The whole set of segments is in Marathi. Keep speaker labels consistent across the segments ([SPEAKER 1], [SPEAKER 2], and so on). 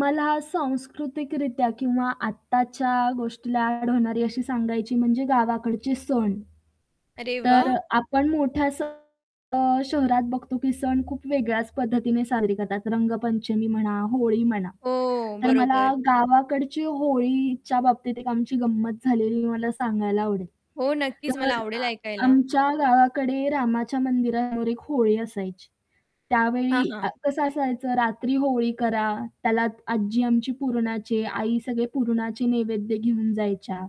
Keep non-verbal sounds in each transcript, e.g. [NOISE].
[SPEAKER 1] मला सांस्कृतिकरित्या किंवा आत्ताच्या गोष्टीला ॲड होणारी अशी सांगायची म्हणजे गावाकडची सण.
[SPEAKER 2] अरे
[SPEAKER 1] तर
[SPEAKER 2] वाह!
[SPEAKER 1] अ, आपण मोठ्या. [UNINTELLIGIBLE] अ, शहरात बघतो की सण खूप वेगळ्याच पद्धतीने साजरे करतात. रंगपंचमी म्हणा, होळी म्हणा.
[SPEAKER 2] हो
[SPEAKER 1] तर मला
[SPEAKER 2] बरोबर.
[SPEAKER 1] गावाकडची होळीच्या बाबतीत एक आमची गंमत झालेली मला सांगायला आवडेल.
[SPEAKER 2] हो नक्कीच
[SPEAKER 1] तर
[SPEAKER 2] मला आवडेल
[SPEAKER 1] अ,
[SPEAKER 2] ऐकायला.
[SPEAKER 1] आमच्या गावाकडे रामाच्या मंदिरावर एक होळी असायची.
[SPEAKER 2] हां,
[SPEAKER 1] त्यावेळी
[SPEAKER 2] हां.
[SPEAKER 1] अ, कसं असायचं रात्री होळी करा, त्याला आज्जी आमची पुरणाचे, आई सगळे पुरणाचे नैवेद्य घेऊन जायच्या.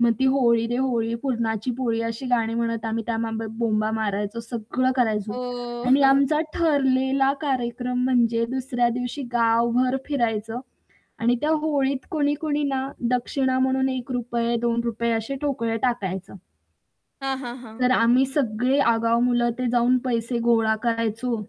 [SPEAKER 1] मग ती होळी दे होळी पुरणाची पोळी अशी गाणी म्हणत आम्ही त्या माबो बोंबा मारायचो सगळं करायचो
[SPEAKER 2] हो.
[SPEAKER 1] आणि
[SPEAKER 2] [CHUCKLES]
[SPEAKER 1] आमचा ठरलेला कार्यक्रम म्हणजे दुसऱ्या दिवशी गावभर फिरायचं आणि त्या होळीत कोणी-कोणी ना दक्षिणा म्हणून ₹1, ₹2 असे ठोकळे टाकायचं.
[SPEAKER 2] हां, हां, हां.
[SPEAKER 1] तर आम्ही सगळे आगाव मुलं ते जाऊन पैसे गोळा करायचो,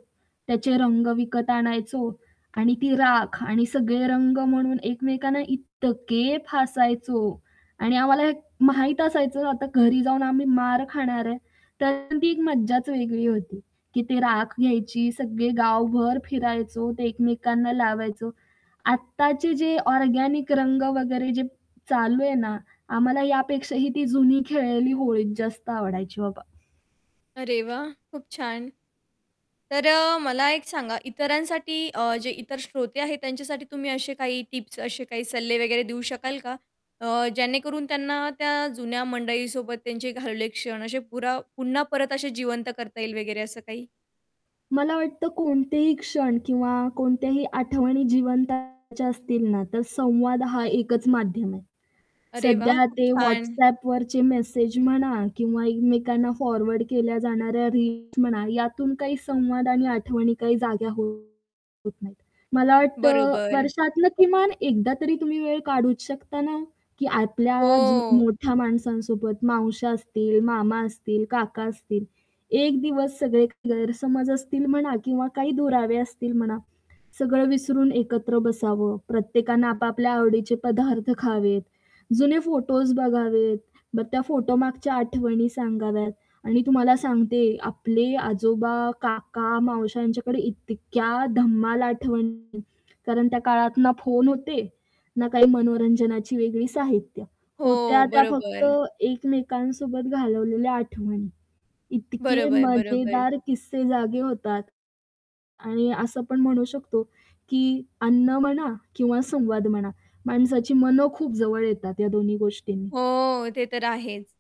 [SPEAKER 1] त्याचे रंग विकत आणायचो आणि ती राख आणि सगळे रंग म्हणून एकमेकांना इतके फासायचो आणि आम्हाला माहीत असायचं आता घरी जाऊन आम्ही मार खाणार आहे तर ती एक मज्जाच वेगळी होती की ती राख घ्यायची, सगळे गावभर फिरायचो, ते एकमेकांना लावायचो. आत्ताचे जे ऑर्गेनिक रंग वगैरे जे चालू आहे ना, आम्हाला यापेक्षाही ती जुनी खेळलेली होळी जास्त आवडायची बाबा.
[SPEAKER 2] अरे वाह, खूप छान! तर अ, मला एक सांगा, इतरांसाठी अ, जे इतर श्रोते आहेत त्यांच्यासाठी तुम्ही असे काही टिप्स असे काही सल्ले वगैरे देऊ शकाल का? अ, जेणेकरून त्यांना त्या जुन्या मंडळीसोबत त्यांचे घालवले क्षण असे पुरा पुन्हा परत असे जिवंत करता येईल वगैरे असं काही?
[SPEAKER 1] मला वाटतं कोणतेही क्षण किंवा कोणत्याही आठवणी जिवंत करायच्या असतील ना, तर संवाद हा एकच माध्यम आहे.
[SPEAKER 2] अरे वाह!
[SPEAKER 1] सध्या
[SPEAKER 2] खूप
[SPEAKER 1] ते
[SPEAKER 2] छान!
[SPEAKER 1] WhatsAppवरचे मेसेज म्हणा किंवा एकमेकांना फॉरवर्ड केल्या जाणाऱ्या रील्स म्हणा यातून काही संवाद आणि आठवणी काही जाग्या होत नाहीत. मला वाटतं
[SPEAKER 2] बरोबर.
[SPEAKER 1] वर्षातनं किमान एकदा तरी तुम्ही वेळ काढूच शकता ना, की आपल्या जु
[SPEAKER 2] हो.
[SPEAKER 1] मोठ्या माणसांसोबत, मावश्या असतील, मामा असतील, काका असतील, एक दिवस सगळे गैरसमज असतील म्हणा किंवा काही दुरावे असतील म्हणा, सगळं विसरून एकत्र बसावं. प्रत्येकानं आपापल्या आवडीचे पदार्थ खावेत, जुने फोटोज बघावेत, मग त्या फोटोमागच्या आठवणी सांगाव्यात आणि तुम्हाला सांगते आपले आजोबा, काका, मावश्या, यांच्याकडे इतक्या धम्माल आठवणी कारण त्या काळात ना फोन होते, ना काही मनोरंजनाची वेगळी साहित्य.
[SPEAKER 2] हो,
[SPEAKER 1] होत्या त्या फक्त
[SPEAKER 2] बरोबर.
[SPEAKER 1] एकमेकांसोबत घालवलेल्या आठवणी. इतके
[SPEAKER 2] बरोबर, बरोबर.
[SPEAKER 1] मजेदार किस्से जागे होतात. आणि असं पण म्हणू शकतो की अन्न म्हणा किंवा संवाद म्हणा, माणसाची मनं खूप जवळ येतात ह्या दोन्ही गोष्टींनी.
[SPEAKER 2] हो, ते तर आहेच.